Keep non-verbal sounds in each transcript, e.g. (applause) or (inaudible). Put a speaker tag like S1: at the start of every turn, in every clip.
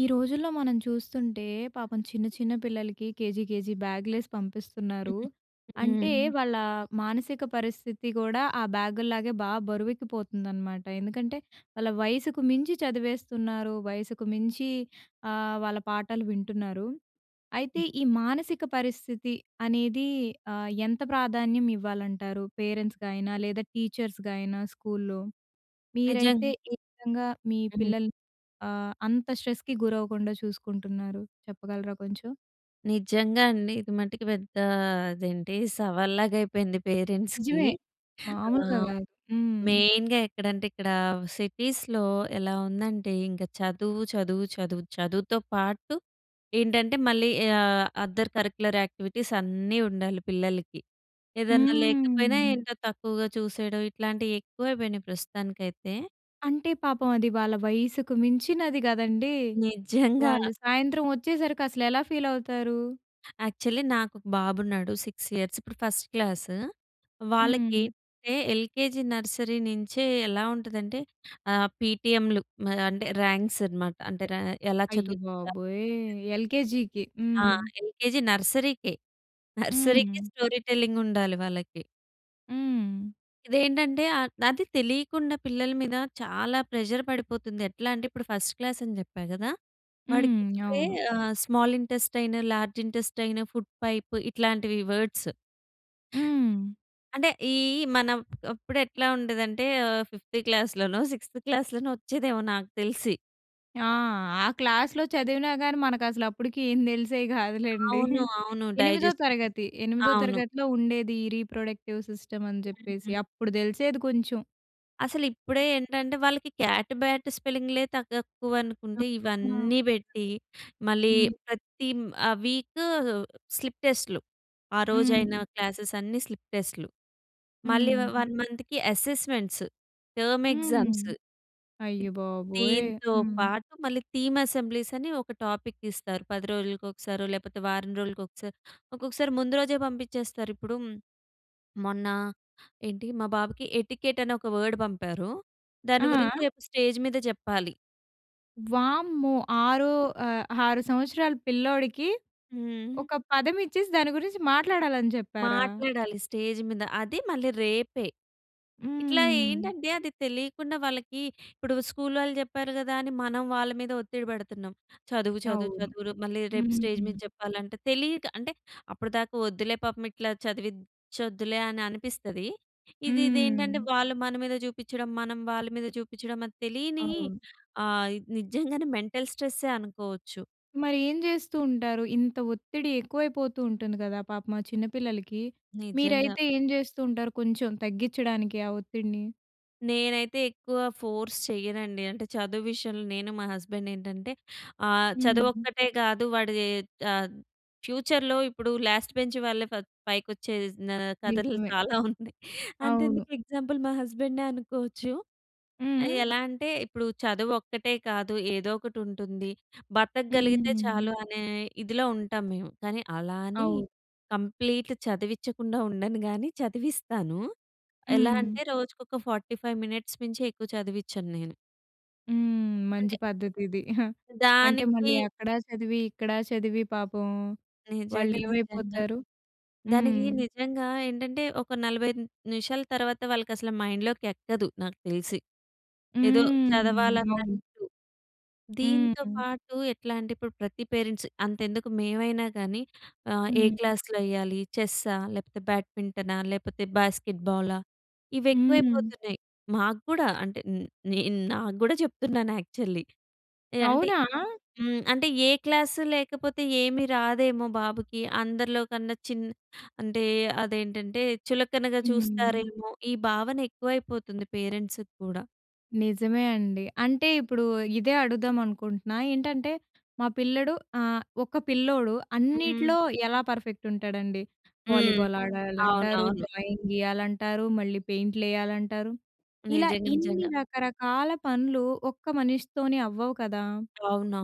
S1: ఈ రోజుల్లో మనం చూస్తుంటే, పాపం చిన్న చిన్న పిల్లలకి కేజీ కేజీ బ్యాగ్‌లేసి పంపిస్తున్నారు. అంటే,
S2: హ్మ్.
S1: వాళ్ళ మానసిక పరిస్థితి కూడా ఆ బ్యాగు‌ల్లాగే బాగా బరువెక్కిపోతుందనమాట. ఎందుకంటే వాళ్ళ వయసుకు మించి చదివేస్తున్నారు, వయసుకు మించి ఆహ్, వాళ్ళ పాఠాలు వింటున్నారు. అయితే, ఈ మానసిక పరిస్థితి అనేది ఆహ్, ఎంత ప్రాధాన్యం ఇవ్వాలంటారు పేరెంట్స్‌గా అయినా లేదా టీచర్స్‌గా అయినా స్కూల్‌లో? మీరైతే
S2: నిజం.
S1: ఏ విధంగా మీ
S2: హ్మ్.
S1: పిల్లల్ని ఆహ్, అంత స్ట్రెస్‌కి గురవ్వకుండా చూసుకుంటున్నారు. చెప్పగలరా కొంచెం?
S2: నిజంగా అండి. ఇది మటుకు పెద్ద అదేంటి సవల్‌లాగా అయిపోయింది పేరెంట్స్‌కి.
S1: నిజమే.
S2: (chuckles) ఆ!
S1: మాములుగా కాదు. హ్మ్.
S2: మెయిన్‌గా ఎక్కడంటే ఇక్కడ సిటీస్‌లో ఎలా ఉందంటే ఇంకా చదువు, చదువు, చదువు. చదువుతో పాటు ఏంటంటే మళ్ళీ ఆహ్, అదర్ కరిక్యులర్ యాక్టివిటీస్ అన్నీ ఉండాలి పిల్లలకి. ఏదన్నా లేకపోయినా
S1: హ్మ్!
S2: ఏంటో తక్కువగా చూసేయడం, ఇట్లాంటివి ఎక్కువైపోయినయి ప్రస్తుతానికైతే.
S1: అంటే పాపం అది వాళ్ళ వయసుకు మించినది కదండీ.
S2: నిజంగా!
S1: వాళ్ళు సాయంత్రం వచ్చేసరికి అసలెలా ఫీల్ అవుతారు?
S2: యాక్చువల్లీ నాకు ఒక బాబు ఉన్నాడు 6 ఇయర్స్. ఇప్పుడు ఫస్ట్ క్లాసూ. వాళ్ళకి
S1: హ్మ్.
S2: ఎంటే ఎల్‌కేజీ, నర్సరీ నించే ఎలా ఉంటదంటే ఆహ్, పీటీఎం‌లు మరి అంటే ర్యాంక్స్ అనమాట అంటే ర ఎలా చదు‌
S1: అయ్యబాబోయ్! ఎల్‌కేజీకి.
S2: ఆ!
S1: హ్మ్.
S2: ఎల్‌కేజీ, నర్సరీ‌కే, నర్సరీ‌కి
S1: హ్మ్.
S2: స్టోరీ టెల్లింగ్ ఉండాలి వాళ్ళకి.
S1: హ్మ్.
S2: ఇదేంటంటే ఆహ్, అదే తెలియకుండా పిల్లల మీద చాలా ప్రెషర్ పడిపోతుంది. ఎట్లా అంటే ఇప్పుడు ఫస్ట్ క్లాస్ అని చెప్పా గదా! వాడికి
S1: హ్మ్, (clicks tongue)
S2: ఇప్పుడే
S1: అవును.
S2: ఆహ్, small intestine, large intestine, food pipe ఇట్లాంటివి వర్డ్స్.
S1: హ్మ్.
S2: అంటే, ఈ మనం అప్పుడు ఎట్లా ఉండేదంటే ఆహ్, ఫిఫ్త్ క్లాస్‌లోనో, సిక్స్‌త్ క్లాస్‌లోనో వచ్చేదేమో నాకు తెలిసి.
S1: ఆ! ఆ క్లాస్‌లో చదివినా గాని, మనకు అసలు అప్పుడికి ఏం తెలిసేవి (chuckles) గాదులెండి.
S2: అవును. అవును.
S1: ఎనిమిదో
S2: డైజెస్టివ్
S1: తరగతి, ఎనిమిదో
S2: అవును.
S1: తరగతిలో ఉండేది. ఈ రీప్రొడక్టివ్ సిస్టమ్ అని చెప్పేసి
S2: హుహు.
S1: అప్పుడు తెలిసేది కొంచెం
S2: అసలు ఇప్పుడే ఏంటంటే వాళ్ళకి క్యాట్, బ్యాట్ స్పెల్లింగ్‌లే తగ్ తక్కువనుకుంటే ఇవన్నీ
S1: హ్మ్.
S2: బెట్టి మళ్ళీ ప్రతి మ్ ఆహ్, వీక్ స్లిప్ టెస్ట్‌లు. ఆ
S1: హ్మ్.
S2: రోజైన క్లాసెస్ అన్నీ స్లిప్ టెస్ట్‌లు. మళ్ళీ వ
S1: హ్మ్.
S2: 1 మంత్‌కి అసెస్మెంట్స్, టర్మ్
S1: హ్మ్.
S2: ఎగ్జామ్స్
S1: అయ్యబాబోయ్!
S2: దీంతో
S1: హ్మ్.
S2: పాటు మళ్ళీ థీమ్ అసెంబ్లీస్ అని ఒక టాపిక్ ఇస్తారు. 10 రోజులకు ఒకసారో, లేపోతే వారం రోజులకి ఒకసారి, ఒక్కొక్కసారి ముందు రోజే పంపిచేస్తారు. ఇప్పుడు (swallows) మొన్న ఏంటి మా బాబుకి ఎటికెట్ అని ఒక వర్డ్ పంపారు. దాని గురించి
S1: ఆ!
S2: రేపు స్టేజ్ మీద చెప్పాలి.
S1: వామ్మో! 6 ఆ! 6 సంవత్సరాల పిల్లోడికి
S2: హ్మ్.
S1: ఒక పదం ఇచ్చేసి దాన్ని గురించి మాట్లాడాలని చెప్పారా?
S2: మాట్లాడాలి స్టేజ్ మీద అది మళ్ళి రేపే. ఇట్లా
S1: హ్మ్.
S2: ఏంటంటే అది తెలియకుండా వాళ్ళకి ఇప్పుడు స్కూలోల్లు చెప్పారు కదా! అని మనం వాళ్ళ మీద ఒత్తిడి పెడుతున్నాం. చదువు, చదువు,
S1: అవును.
S2: చదువు రు మళ్ళీ రేపు స్టేజ్ మీద
S1: హ్మ్.
S2: చెప్పాలంటే తెలియక అంటే అప్పటిదాకా వద్దులే పాపం ఇట్లా చదివిచొద్దులే అని అనిపిస్తది. ఇది ఇదేంటంటే
S1: హ్మ్.
S2: వాళ్ళు మన మీద చూపిచ్చడం, మనం వాళ్ళ మీద చూపిచ్చడం అది తెలియని
S1: అవును.
S2: ఆహ్, నిజంగానే మెంటల్ స్ట్రెసే అనుకోవచ్చు.
S1: మరి ఏం చేస్తూ ఉంటారు. ఇంత ఒత్తిడి ఎక్కువైపోతు ఉంటుంది కదా! పాపం ఆ చిన్నపిల్లలకి.
S2: నిజంగా.
S1: మీరైతే ఏం చేస్తూ ఉంటారు, కొంచెం తగ్గించడానికి ఆ ఒత్తిడిని?
S2: నేనైతే ఎక్కువ ఫోర్స్ చెయ్యనండి. అంటే చదువు విషయంలో నేను, మా హస్బాండ్ ఏంటంటే ఆ చదువు
S1: హ్మ్.
S2: ఒక్కటే కాదు వాడి ఆహ్, ఫ్యూచర్‌ లో ఇప్పుడు లాస్ట్ బెంచ్ వాళ్ళే ఫై పైకొచ్చేజ్ నా కథలు
S1: నిజమే.
S2: చాలా ఉన్నాయి.
S1: అవును.
S2: అంతెందుకు ఎగ్జాంపుల్ మా హస్బాండే అనుకోవచ్చు.
S1: హుహు.
S2: ఎలా అంటే ఇప్పుడు చదువు ఒక్కటే కాదు ఏదో ఒకటి ఉంటుంది. బ్రతకగలిగితే
S1: హ్మ్.
S2: చాలు అనే ఇదిలో ఉంటాం మేము. కానీ అలా అని
S1: అవును.
S2: కంప్లీట్ చదివిచ్చకుండా ఉండను గాని చదివిస్తాను. ఎలా
S1: హ్మ్.
S2: అంటే రోజుకొక 45 మినిట్స్ మించి ఎక్కువ చదివిచ్చను నేను.
S1: హ్మ్. మంచి
S2: అంటే
S1: పద్ధతి ఇది. (giggles) అంటే మళ్ళీ
S2: దానికి
S1: అక్కడ చదివి, ఇక్కడ చదివి పాపం వాళ్ళు
S2: నిజంగా, నిజంగా.
S1: ఏమైపోతారు. హ్మ్.
S2: దానికి నిజంగా ఏంటంటే, ఒక 45 నిమిషాల తర్వాత, వాళ్ళకి అసలు మైండ్‌లోకి ఎక్కదు నాకు తెలిసి. ఏదో
S1: హ్మ్. అవును.
S2: చదవాలన్నట్టు. దీంతో
S1: హ్మ్.
S2: పాటు ఎట్లా అంటే, ఇప్పుడు ప్రతి పేరెంట్స్ అంతెందుకు మేమైనా గాని ఆహ్, ఏ
S1: హ్మ్.
S2: క్లాస్‌లో యేయ్యాలి. చెస్సా లేకపోతే బ్యాడ్మింటనా లేకపోతే బాస్కెట్బాలా, ఇవి
S1: హ్మ్.
S2: ఎక్కువైపోతున్నాయి. మాక్కూడా అంటే నేను, నా గూడా చెప్తున్నాను యాక్చువల్లీ ఎ అంటే
S1: అవునా?
S2: హ్మ్. అంటే ఏ క్లాసు లేకపోతే ఏమి రాదేమో బాబుకి, అందరిలో కన్నా చిన్న అంటే అదేంటంటే చులకనగా
S1: హ్మ్.
S2: చూస్తారేమో, ఈ భావన ఎక్కువైపోతుంది పేరెంట్స్‌కి కూడా.
S1: నిజమే అండి. అంటే ఇప్పుడు ఇదే అడుగుదాం అనుకుంటున్నా. ఏంటంటే, మా పిల్లడు ఆహ్, ఒక పిల్లోడు
S2: హ్మ్.
S1: అన్నిట్లో ఎలా పర్ఫెక్ట్ ఉంటాడండి?
S2: హ్మ్.
S1: వాలీబాల్ ఆడాలంటారు,
S2: అవునవును.
S1: డ్రాయింగ్ గీయాలంటారు, మళ్ళీ పెయింట్లు యేయాలంటారు. ఇలా
S2: నిజంగా,
S1: ఇన్ని
S2: నిజంగా.
S1: రకరకాల పనులు ఒక్క మనిషితోనే అవ్వవు కదా!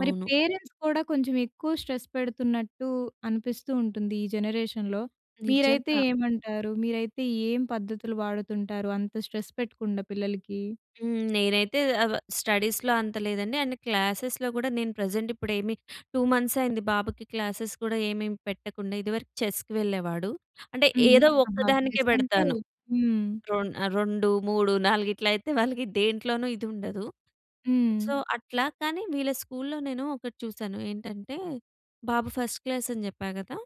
S1: మరి పేరెంట్స్ కూడా కొంచెం ఎక్కువ స్ట్రెస్ పెడుతున్నట్టు అనిపిస్తూ ఉంటుంది, ఈ జనరేషన్‌లో. మీరైతే
S2: నిజంగా.
S1: ఏమంటారు? మీరైతే ఏం పద్ధతులు వాడుతుంటారు అంత స్ట్రెస్ పెట్టకుండా పిల్లలకి?
S2: హ్మ్. నేనైతే అ వ స్టడీస్‌లో అంత లేదండి, అండ్ క్లాసెస్‌లో గూడా నేను ప్రెజెంట్ ఇప్పుడు ఏమి 2 మంత్స్ అయింది బాబుకి క్లాసెస్‌ కూడా ఏమేమి పెట్టకుండా, ఇదివరకు చెస్‌కి వెళ్ళేవాడు. అంటే
S1: హ్మ్.
S2: ఏదో
S1: ఆహా!
S2: ఒక్కదానికే
S1: చెస్ అంటే
S2: బెడతాను.
S1: హ్మ్.
S2: రొం ఆహ్, 2, 3, 4 ఇట్ల అయితే వాళ్ళకి దేంట్లోన ఇది ఉండదు.
S1: హ్మ్.
S2: సో, అట్లా కానీ వీళ్ళ స్కూల్‌లో నేను ఒకటి చూసాను. ఏంటంటే, బాబు ఫస్ట్ క్లాస్ అని జెప్పా కదా!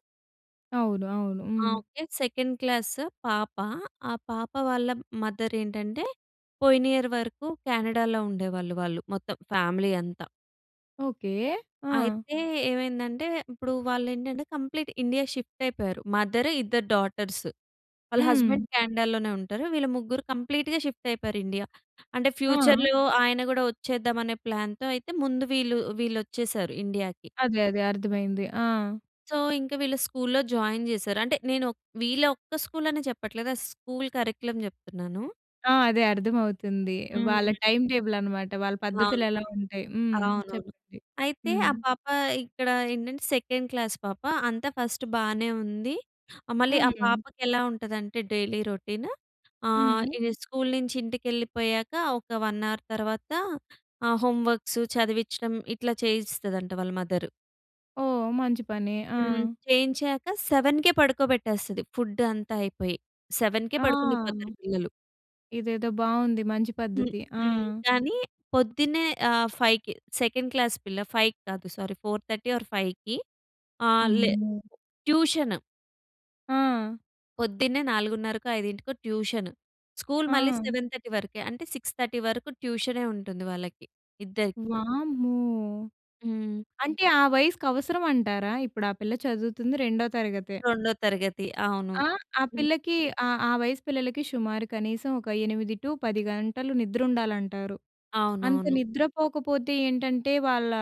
S1: అవును, అవును.
S2: ఆ!
S1: హ్మ్.
S2: ఓకే. సెకండ్ క్లాస్ పాప. ఆ పాప వాళ్ళ మదర్ ఏంటంటే, పోయిన ఇయర్ వరకు కెనడాలో ఉండేవాళ్ళు వాళ్ళు. మొత్తం ఫ్యామిలీ అంతా...
S1: ఓకే. ఆ!
S2: అయితే, ఏమైందంటే ఇప్పుడు వాళ్ళు ఏంటంటే, కంప్లీట్ ఇండియా షిఫ్ట్ అయిపోయారు. మదర్, ఇద్దరు డాటర్స్. వాళ్ళ
S1: హ్మ్.
S2: హస్బాండ్ కెనడాలోనే ఉంటారు. వీళ్ళు ముగ్గురు కంప్లీట్‌గా షిఫ్ట్ అయిపోయారు ఇండియా. అంటే,
S1: ఆ!
S2: ఫ్యూచర్‌లో ఆయన కూడా వచ్చేద్దాం అనే ప్లాన్‌తో. అయితే ముందు వీళ్ళు వీళ్ళొచ్చేసారు ఇండియా‌కి...
S1: అదే, అదే అర్థమైంది. ఆ!
S2: సో, ఇంకా వీళ్ళు స్కూల్‌లో జాయిన్ చేసారు. అంటే నేను, వీళ్ళ ఒక్క స్కూలని చెప్పట్లేదు. స్కూల్ కరిక్యులమ్ చెప్తున్నాను.
S1: ఆ! అదే అర్థమవుతుంది. వాళ్ళ
S2: హ్మ్.
S1: టైమ్ టేబుల్ అన్నమాట. వాళ్ళ పద్ధతులు
S2: అవును.
S1: ఎలా ఉంటాయి హ్మ్.
S2: అవునవును.
S1: చెప్పండి.
S2: అయితే ఆ
S1: హ్మ్.
S2: పాప ఇక్కడ ఏంటంటే, సెకండ్ క్లాస్ పాప. అంతా ఫస్ట్ బానే ఉంది. ఆహ్, మళ్ళీ ఆ
S1: హ్మ్.
S2: పాపకి ఎలా ఉంటదంటే, డైలీ రొటీన్ ఆహ్,
S1: హ్మ్.
S2: స్కూల్ నుంచి ఇంటికెళ్ళిపోయాక ఒక 1 అవర్ తర్వాత ఆహ్, హోమ్ వర్క్స్, చదివించడం ఇట్లా చేయిస్తదంట వాళ్ళ మదర్.
S1: ఓహ్! మంచి పని. ఆ!
S2: హ్మ్. చేయించాక 7కే పడుకోబెట్టేస్తది. ఫుడ్ అంతా అయిపోయి. 7కే
S1: ఆ!
S2: పడుకుండి పోతారు పిల్లలు.
S1: ఇదేదో బాగుంది. మంచి
S2: హ్మ్.
S1: పద్ధతి. ఆ!
S2: హ్మ్. కానీ పొద్దున్నే ఆహ్, 5కి సెకండ్ క్లాస్ పిల్ల 5కి కాదు సారీ, 4:30 ఆర్ 5కి ఆహ్, లే
S1: అమ్మో!
S2: ట్యూషన్.
S1: ఆ!
S2: పొద్దున్నే 4:30కో, 5కో ట్యూషన్. స్కూల్ మళ్ళీ
S1: ఆ!
S2: 7:30 వరకే. అంటే 6:30 వరకు ట్యూషనే ఉంటుంది వాళ్ళకి. ఇద్దరికి.
S1: వామ్మో!
S2: హ్మ్.
S1: అంటే ఆ వయసుకి అవసరం అంటారా? ఇప్పుడు ఆ పిల్ల చదువుతుంది రెండో తరగతే.
S2: రొండో తరగతి. అవును.
S1: ఆహ్, ఆ పిల్లకి ఆహ్, ఆ వయసు పిల్లలకి షుమారు కనీసం ఒక 8 టూ 10 గంటలు నిద్రుండాలంటారు. అంత
S2: అవునవును.
S1: నిద్ర పోకపోతే ఏంటంటే వాళ్ళా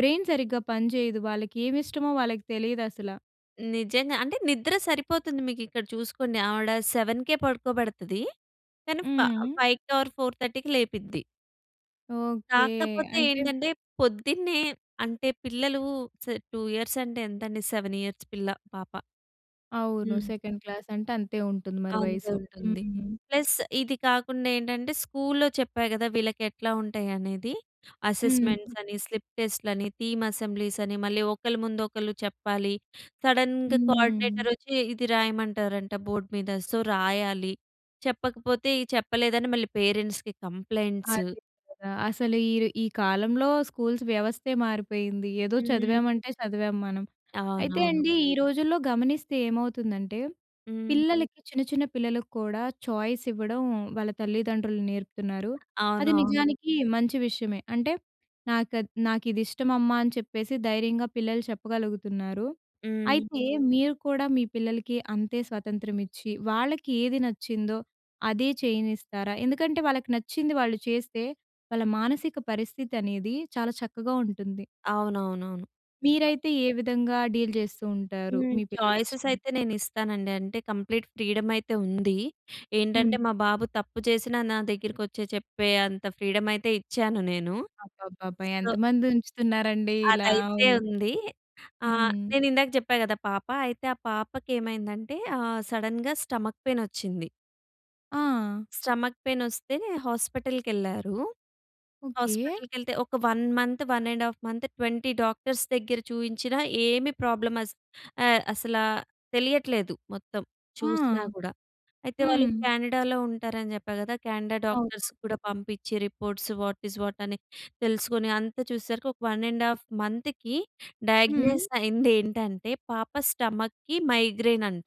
S1: బ్రెయిన్ సరిగ్గా పనిచెయ్యదు. వాళ్ళకి ఏవి ఇష్టమో వాళ్ళకి తెలీదు అసల.
S2: నిజంగా. అంటే నిద్ర సరిపోతుంది మీకు ఇక్కడ చూసుకోండి. ఆవిడ 7కే పడుకోబెడతదీ. కానీ ఫ
S1: హ్మ్.
S2: ఫైవ్‌కి ఆర్ 4:30కి లేపిద్ది.
S1: ఓకే.
S2: కాకపోతే
S1: అంటే
S2: ఏంటంటే పొద్దున్నే అంటే పిల్లలు స్ 2 ఇయర్స్ అంటే ఎంతండి 7 ఇయర్స్ పిల్ల, పాప.
S1: అవును.
S2: హ్మ్.
S1: సెకండ్ అంటే అంతే ఉంటుంది మరి
S2: అంతే
S1: వయసు.
S2: ఉంటుంది.
S1: హ్మ్.
S2: ప్లస్ ఇది కాకుండా ఏంటంటే స్కూల్లో చెప్పా గదా! వీళ్ళకి ఎట్లా ఉంటాయి అనేదీ.
S1: హ్మ్.
S2: అసెస్‌మెంట్స్ అని, స్లిప్ టెస్ట్‌లు అని, థీమ్ అసెంబ్లీస్ అని మళ్ళీ ఒకళ్ళ ముందు ఒకళ్ళు చెప్పాలి. సడన్‌గా కోఆర్డినేటర్
S1: హ్మ్.
S2: వచ్చి ఇది రాయమంటారంట బోర్డ్ మీద. సో రాయాలి. చెప్పకపోతే చెప్పలేదని మళ్ళీ పేరెంట్స్‌కి కంప్లయింట్స్.
S1: అదే కదా! అసలు ఈర్ ఈ కాలంలో స్కూల్స్ వ్యవస్థే మారిపోయింది. ఏదో
S2: హ్మ్.
S1: చదివామంటే చదివాం మనం. అయితే
S2: అవునవును.
S1: అండీ ఈ రోజుల్లో గమనిస్తే ఏమవుతుందంటే
S2: హ్మ్.
S1: పిల్లలకి చిన్న చిన్న పిల్లలకు కూడా ఛాయిస్ ఇవ్వడం వాళ్ళ తల్లిదండ్రులు నేర్పుతున్నారు. అది
S2: అవునవును.
S1: నిజానికి మంచి విషయమే. అంటే నాకద్ నాకు ఇది ఇష్టం అమ్మా అని చెప్పేసి ధైర్యంగా పిల్లలు చెప్పగలుగుతున్నారు.
S2: హ్మ్.
S1: అయితే మీరు కూడా మీ పిల్లలకి అంతే స్వతంత్రం ఇచ్చి వాళ్ళకి ఏది నచ్చిందో అదే చేయనిస్తారా? ఎందుకంటే వాళ్ళకి నచ్చింది వాళ్ళు చేస్తే వాళ్ళ మానసిక పరిస్థితి అనేదీ చాలా చక్కగా ఉంటుంది.
S2: అవునవునవును.
S1: మీరైతే ఏ విధంగా డీల్ జేస్తూ ఉంటారు
S2: హ్మ్.
S1: మీ పిల్లలు
S2: ఛాయిసెస్
S1: విషయంలో?
S2: అయితే నేనిస్తానండి. అంటే కంప్లీట్ ఫ్రీడమ్ అయితే ఉంది.
S1: హ్మ్.
S2: ఏంటంటే మా బాబు తప్పు చేసినా నా దగ్గరికి వచ్చి చెప్పే అంత ఫ్రీడమ్ అయితే ఇచ్చాను నేను.
S1: అబ్బబ్బబ్బా!
S2: సో...
S1: ఎంతమంది ఉంచుతున్నారండీ ఇలా.
S2: అదైతే
S1: అవును.
S2: ఉందీ. ఆహ్,
S1: హ్మ్.
S2: నేను ఇందాక జెప్పా గదా పాప అయితే ఆ పాపకెమైందంటే ఆహ్, సడెన్‌గా స్టమక్ పెయిన్ వచ్చింది.
S1: ఆ!
S2: స్టమక్ పెయిన్ వస్తే హాస్పిటల్‌కెళ్ళారు.
S1: ఓకే.
S2: హాస్పిటల్‌కెళ్తే ఒక 1 మంత్, 1 ½ మంత్, 20 డాక్టర్స్ దగ్గర చూయించిన ఏమి ప్రాబ్లమ్ అస్ ఆహ్, అసలా తెలియట్లేదు, మొత్తం.
S1: ఆ!
S2: చూసినా కూడా. అయితే వాళ్ళు
S1: హ్మ్.
S2: కెనడా‌లో ఉంటారని జెప్పా గదా! కెనడా డాక్టర్స్
S1: అవునవును.
S2: కూడా పంపించి రిపోర్ట్స్, వాట్ ఇజ్ వాట్ అని తెలుసుకొని అంతా చూసేసరికి ఒక 1 ½ మంత్‌కి
S1: హ్మ్.
S2: డయాగ్నోస్ అయింది ఏంటంటే, పాప స్టమక్‌కి మైగ్రేన్ అంట...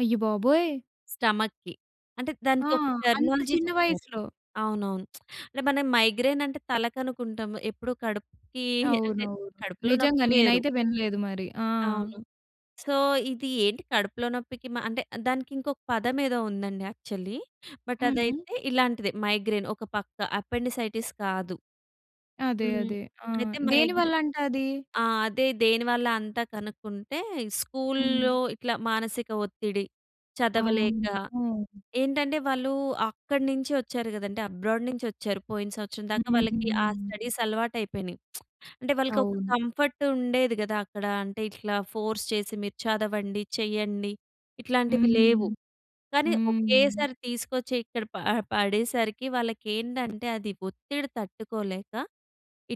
S1: అయ్యబాబోయ్!
S2: స్టమక్‌కి. అంటే,
S1: ఆ!
S2: దానికి ఒక
S1: అంత
S2: టెర్మినాలజీ
S1: చిన్న
S2: చెప్పారు.
S1: వయసులో?
S2: అవునవును. (smacks lips) అంటే మనం మైగ్రేన్ అంటే తల‌కనుకుంటాం. ఎప్పుడు కడుపుకి అంటే, (chuckles)
S1: అవునవును.
S2: కడుపులో
S1: నిజంగా
S2: నొప్పి వేరు.
S1: నేనైతే వినలేదు మరి. ఆ!
S2: అవును. సో, ఇది ఏంటి కడుపులో నొప్పికి మ అంటే దానికి ఇంకొక పదం ఏదో ఉందండి యాక్చువల్లీ. బట్
S1: హ్మ్.
S2: అదైతే ఇలాంటిదే మైగ్రేన్ ఒక పక్క. అపెండిసైటిస్ కాదు.
S1: అదే
S2: హ్మ్.
S1: అదే. ఆ!
S2: అయితే మైగ్రే
S1: దేనివల్ల అంట అది?
S2: ఆ! అదే దేనివల్ల అంతా కనుక్కుంటే
S1: హ్మ్.
S2: స్కూల్‌లో ఇట్లా మానసిక ఒత్తిడి, చదవలేక.
S1: అమ్మో!
S2: ఏంటంటే వాళ్ళు అక్కడి నుంచి వచ్చారు కదండీ అబ్రాడ్ నుంచి వచ్చారు. పోయిన సంవత్సరం దాకా వాళ్ళకి ఆ
S1: హ్మ్.
S2: స్టడీస్ అలవాటు అయిపోయినయి. (smacks lips) అంటే వాళ్ళకి ఒక
S1: అవును.
S2: కంఫర్ట్ ఉండేది గదా! అక్కడ. అంటే, ఇట్లా ఫోర్స్ చేసి మీరు చదవండి, చెయ్యండి, ఇట్లాంటివి లేవు.
S1: హ్మ్.
S2: కానీ
S1: హ్మ్.
S2: ఒకేసారి తీసుకొచ్చి ఇక్కడ ప పడేసరికి వాళ్ళకి ఏంటంటే, అది ఒత్తిడి తట్టుకోలేక,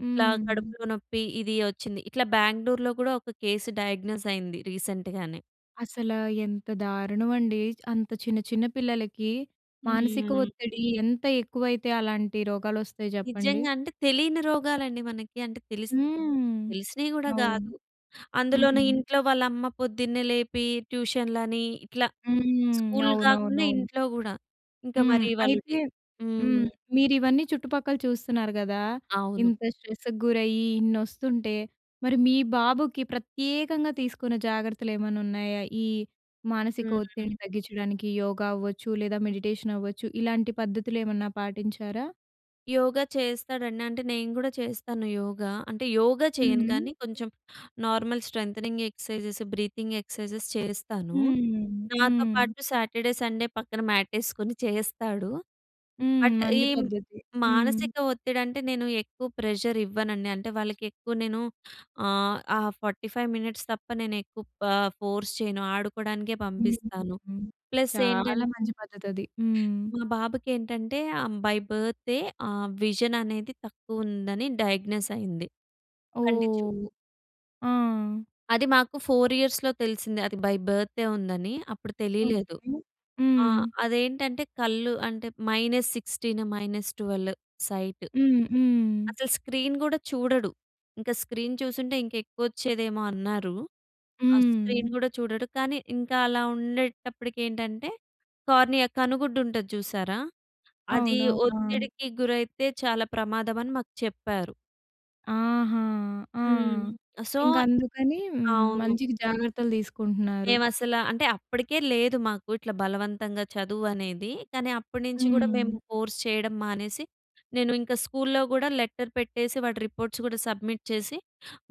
S2: ఇట్లా కడుపులో నొప్పి ఇది వచ్చింది. ఇట్లా బెంగళూరు‌లో కూడా ఒక కేస్ డయాగ్నోస్ అయింది రీసెంట్‌గానే.
S1: అసలా ఎంత దారుణం అండి. అంత చిన్న, చిన్న పిల్లలకి మానసిక
S2: హ్మ్.
S1: ఒత్తిడి ఎంత ఎక్కువైతే అలాంటి రోగాలు వస్తాయి జెప్పండి.
S2: నిజంగా. అంటే తెలియని రోగాలండి మనకి. అంటే తెలిసి
S1: హ్మ్.
S2: తెలిసినవి కూడా
S1: అవును.
S2: కాదు. అందులోను
S1: హ్మ్.
S2: ఇంట్లో వాళ్ళ అమ్మ పొద్దున్నే లేపి, ట్యూషన్‌లని ఇట్లా
S1: హ్మ్.
S2: స్కూల్ కాకుండా
S1: అవునవునవును.
S2: ఇంట్లో గూడా. ఇంకా
S1: హ్మ్.
S2: మరి వాళ్ళు‌కి
S1: అయితే
S2: హ్మ్.
S1: హ్మ్. మీరు ఇవన్నీ చుట్టుపక్కల చూస్తున్నారు గదా!
S2: అవును.
S1: ఇంత స్ట్రెస్‌కి గురయ్యి ఇన్ని వస్తుంటే, మరి మీ బాబుకి ప్రత్యేకంగా తీసుకున్న జాగ్రత్తలు ఏమన్నా ఉన్నాయా? ఈ, మానసిక
S2: హ్మ్.
S1: ఒత్తిడిని తగ్గించడానికి యోగా అవ్వచ్చు, లేదా మెడిటేషన్ అవ్వచ్చు ఇలాంటి పద్ధతులు ఏమన్నా పాటించారా?
S2: యోగా చేస్తాడండి. అంటే నేను గూడా చేస్తాను యోగా. అంటే యోగా చేయను
S1: హుహు.
S2: కానీ కొంచెం, normal strengthening exercises, breathing exercises చేస్తాను.
S1: హ్మ్.
S2: నాతో
S1: హ్మ్.
S2: పాటు సాటర్డే, సండే పక్కన మ్యాటేసుకొని చేస్తాడు.
S1: హ్మ్.
S2: బట్,
S1: మంచి
S2: ఈ
S1: పద్ధతి. హ్మ్.
S2: మానసిక ఒత్తిడి అంటే, నేను ఎక్కువ ప్రెషర్ ఇవ్వనండి. అంటే వాళ్ళకి ఎక్కువ నేను ఆహ్, ఆ 45 మినిట్స్ తప్ప నేను ఎక్కువ ఆహ్, ఫోర్స్ చేయను ఆడుకోవడానికే
S1: హ్మ్.
S2: పంపిస్తాను.
S1: హ్మ్.
S2: ప్లస్ ఏంటం
S1: చాలా మంచి పద్ధతి అది. హ్మ్.
S2: మా బాబుకేంటంటే ఆహ్, బై బర్తే ఆ విజన్ అనేది తక్కువ ఉందని, డయాగ్నోస్ అయింది. కంటి
S1: ఓహ్!
S2: చూపు...
S1: ఆ!
S2: అది మాకు 4 ఇయర్స్‌లో తెలిసింది. అది బై బర్తే ఉందని అప్పుడు తెలియలేదు.
S1: ఓకే.
S2: ఆ!
S1: హ్మ్.
S2: అదేంటంటే, కళ్ళు అంటే -16, -12 సైట్.
S1: హ్మ్. హ్మ్.
S2: అసలు స్క్రీన్ గూడా చూడడు. ఇంక స్క్రీన్ చూసుంటే, ఇంకా ఎక్కువ వచ్చేదేమో అన్నారు. ఆ స్క్రీన్
S1: హ్మ్.
S2: గూడా చూడడు. కానీ, ఇంకా అలా ఉండేటప్పటికి ఏంటంటే కార్నియా కనుగుడ్డు ఉంటది చూసారా. అది
S1: అవునవును. ఆ!
S2: ఒత్తిడికి గురైతే, చాలా ప్రమాదం అని మాకు చెప్పారు.
S1: ఆహా! ఆ!
S2: హ్మ్. సో
S1: ఇంక అందుకని హ్మ్.
S2: అవును.
S1: మంచికి జాగ్రత్తలు తీసుకుంటున్నారు.
S2: మేమసల అంటే అప్పటికే లేదు మాకు, ఇట్లా బలవంతంగా చదువు అనేది. కాని అప్పటి నుంచి కూడా మేము
S1: హ్మ్.
S2: ఫోర్స్ చేయడం మానేసి, నేను ఇంకా స్కూల్లో కూడా లెటర్ పెట్టేసి, వాటి రిపోర్ట్స్ కూడా సబ్మిట్ చేసి,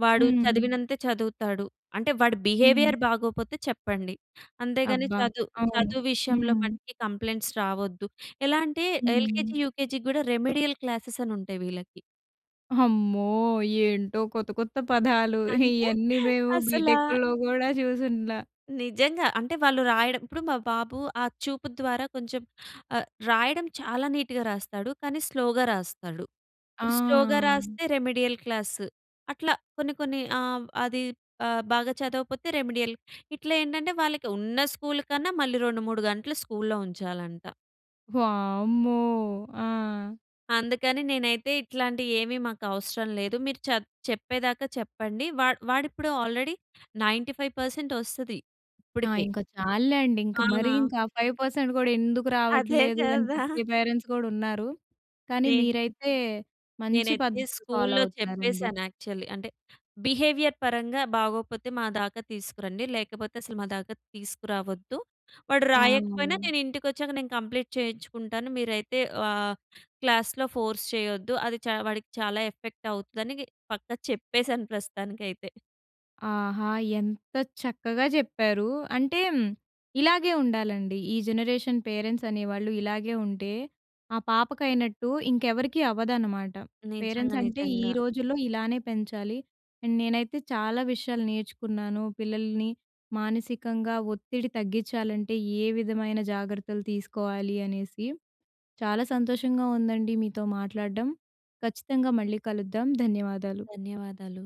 S2: వాడు
S1: హ్మ్.
S2: చదివినంతే చదువుతాడు. అంటే వాడి
S1: హ్మ్.
S2: బిహేవియర్ బాగోకపోతే చెప్పండి. అంతేగాని
S1: అబ్బా!
S2: చదు
S1: అవును.
S2: చదువు విషయంలో
S1: హ్మ్.
S2: మటికి కంప్లెయింట్స్ రావొద్దు. ఎలా అంటే
S1: హ్మ్.
S2: ఎల్‌కేజీ, యూకేజీ కూడా రెమెడియల్ క్లాసెస్ అని ఉంటాయి వీళ్ళకి.
S1: అమ్మో! ఏంటో కొత్త కొత్త పదాలు.
S2: అంటే
S1: (chuckles) ఇయన్నీ మేము
S2: అసలా.
S1: బి‌టెక్‌ల్లో కూడా చూసుండ్లా.
S2: నిజంగా. అంటే వాళ్ళు రాయడం ఇప్పుడు మా బాబు ఆ చూపు ద్వారా కొంచెం ఆహ్, రాయడం చాలా నీట్‌గా రాస్తాడు. కానీ స్లోగా రాస్తాడు. ఇప్పుడు స్లో‌గా
S1: ఆ!
S2: రాస్తే రెమెడియల్ క్లాసు. అట్లా కొన్ని కొన్ని ఆహ్, అది ఆహ్, బాగా చదవకపోతే రెమెడియల్. ఇట్లా ఏంటంటే వాళ్ళకి ఉన్న స్కూల్ కన్నా మళ్ళీ 2 ,3 గంటలు స్కూల్లో ఉంచాలంట.
S1: వామ్మో! ఆ!
S2: అందుకని నేనైతే ఇట్లాంటియి ఏమి మాకు అవసరం లేదు. మీరు చప్ చెప్పేదాకా చెప్పండి. వా వాడిప్పుడు ఆల్రెడీ 95% వస్తది
S1: ఆ!
S2: ఇప్పటికీ.
S1: ఇంక చాల్లేండి. ఇంక మరి
S2: ఆ!
S1: ఇంకా ఆ 5% కూడా ఎందుకు
S2: అదే
S1: రావట్లేదు? అని
S2: కదా!
S1: తిట్టే
S2: (chuckles)
S1: పేరెంట్స్ కూడా ఉన్నారు. కానీ
S2: (unintelligible)
S1: మీరైతే మంచి
S2: నేనైతే
S1: పద్ధతులు ఫాలో
S2: స్కూల్లో
S1: అవుతున్నారండి.
S2: చెప్పేసాను యాక్చువల్లి. అంటే బిహేవియర్ పరంగా బాగోకపోతే మా దాకా తీసుకురండి. లేకపోతే అసలు మా దాక తీసుకురావద్దు. వాడు రాయకపోయినా
S1: అవును.
S2: నేను ఇంటికొచ్చాక నేను కంప్లీట్ చేయించుకుంటాను. మీరైతే ఆహ్, క్లాస్‌‌లో ఫోర్స్ చేయొద్దు. అది చ వాడికి చాలా ఎఫెక్ట్ అవుద్దని పక్కా చెప్పేసాను ప్రస్తుతానికైతే.
S1: ఆహా! ఎంత చక్కగా చెప్పారు. అంటే ఇలాగే ఉండాలండి. ఈ జనరేషన్ పేరెంట్స్ అనేవాళ్ళు ఇలాగే ఉంటే ఆ పాపకైనట్టు, ఇంకెవరికీ అవ్వదన్నమాట. పేరెంట్స్
S2: నిజంగా,
S1: అంటే ఈ
S2: నిజంగా.
S1: రోజుల్లో ఇలానే పెంచాలి. అండ్ నేనైతే చాలా విషయాలు నేర్చుకున్నాను. పిల్లల్ని మానసికంగా ఒత్తిడి తగ్గించాలంటే ఏ విధమైన జాగ్రత్తలు తీసుకోవాలి అనేసి. చాలా సంతోషంగా ఉందండి మీతో మాట్లాడడం. ఖచ్చితంగా మళ్ళీ కలుద్దాం ధన్యవాదాలు.
S2: ధన్యవాదాలు.